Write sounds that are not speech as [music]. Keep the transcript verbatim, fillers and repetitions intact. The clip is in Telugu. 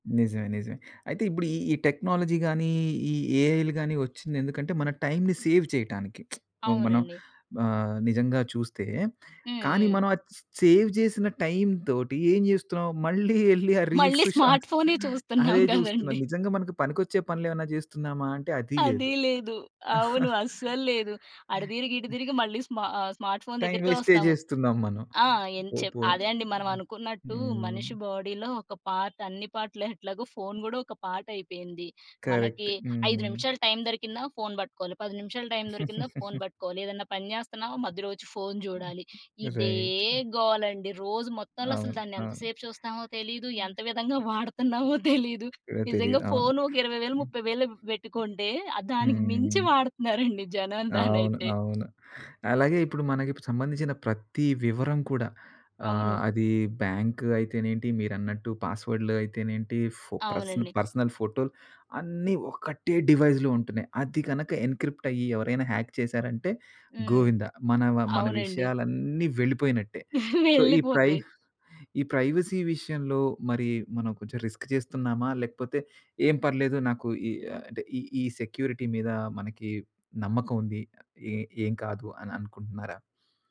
నిజమే. నిజమే. అయితే ఇప్పుడు ఈ, ఈ టెక్నాలజీ గానీ, ఈ ఏఐలు గానీ ఒచ్చిందెందుకంటే మన టైమ్‌ని సేవ్ చేయటానికి. [smacks lips] ఇపుడు మనం అవునండి. ఆహ్, నిజంగా చూస్తే, హ్మ్. కానీ హ్మ్. మనం అది చ్ సేవ్ జేసిన టైమ్ తోటి ఏం జేస్తున్నాం? మళ్ళీ ఎళ్లి ఆ మళ్ళి రీల్స్, స్మార్ట్ షాట్స్ ఫోనే [chuckles] చూస్తున్నాం అదే జూస్తున్నాం. గదండీ. నిజంగా మనకు పనికొచ్చే పనులేమైనా జేస్తున్నామా అంటే అదీ అదీ లేదు. లేదు. అవును. [chuckles] అస్సల్లేదు. అటు తిరిగి ఇటు తిరిగి మళ్ళీ స్మా ఆహ్, స్మార్ట్ ఫోన్ టైమ్ దగ్గరికే వేస్టే ఒస్తాము. జేస్తున్నాం మనం. ఆ! ఏం పో చెప్ పోయి అదే అండి. మనం అనుకున్నట్టు హ్మ్. మనిషి బాడీలో ఒక పార్ట్, అన్ని పార్ట్‌లు ఎట్లాగో ఫోన్ గూడా ఒక పార్ట్ అయిపోయింది. మనకి కరెక్ట్. ఐదు హ్మ్. నిమిషాలు టైమ్ దొరికిందా ఫోన్ పట్టుకోవాలి, పది నిమిషాల టై‌మ్ దొరికిందా ఫోన్ [giggles] పట్టుకోవాలి, ఏదన్నా పని జేస్తున్నామ మధ్యలో ఒచ్చి ఫోన్ జూడాలి, ఇదే రైట్. గోలండి రోజు మొత్తంలో అసలు అవును. దానేంత అవును. సేపు చూస్తామో తెలీదు, హ్మ్. ఎంత విధంగా వాడుతున్నామో తెలీదు. [unintelligible] నిజంగా తెలీదు. అవును. ఫోన్ ఒక ఇరవై వేలు ముప్పై వేలు బెట్టి ఆహ్, కొంటే దానికి మించి హ్మ్. వాడుతున్నారండి జనం అవును. దానైతే. అవును. అలాగే ఇప్పుడు మనకి సంబంధించిన ప్రత్తి వివరం కూడా ఆహ్, అవును. అది బ్యాంక్ అయితేనేంటి, మీరన్నట్టు పాస్‌వర్డ్‌లు అయితేనేంటి, ఫో పర్స్ అవునండి. పర్సనల్ ఫోటోలు అన్నీ ఒక్కటే డివైస్‌లో ఉంటున్నాయి. అది గనక ఎన్‌క్రి‌ప్ట్ అయ్యి ఎవరైనా హ్యాక్ చేశారంటే హ్మ్. గోవిందా! మనవ మన అవునండి. విషయాలన్నీ వెళ్ళిపోయినట్టే. [chuckles] సో ఈ ప్రైవ్ వెళ్ళిపోద్ది. ఈ ప్రైవసీ విషయంలో మరి మనం కొంచెం రిస్క్ చేస్తున్నామా? లేకపోతే ఏం పర్లేదు నాకు ఈ అంటే ఈ, ఈ సెక్యూరిటీ మీద మనకి నమ్మకం ఉంది. ఏ ఏం కాదు అని అనుకుంటున్నారా?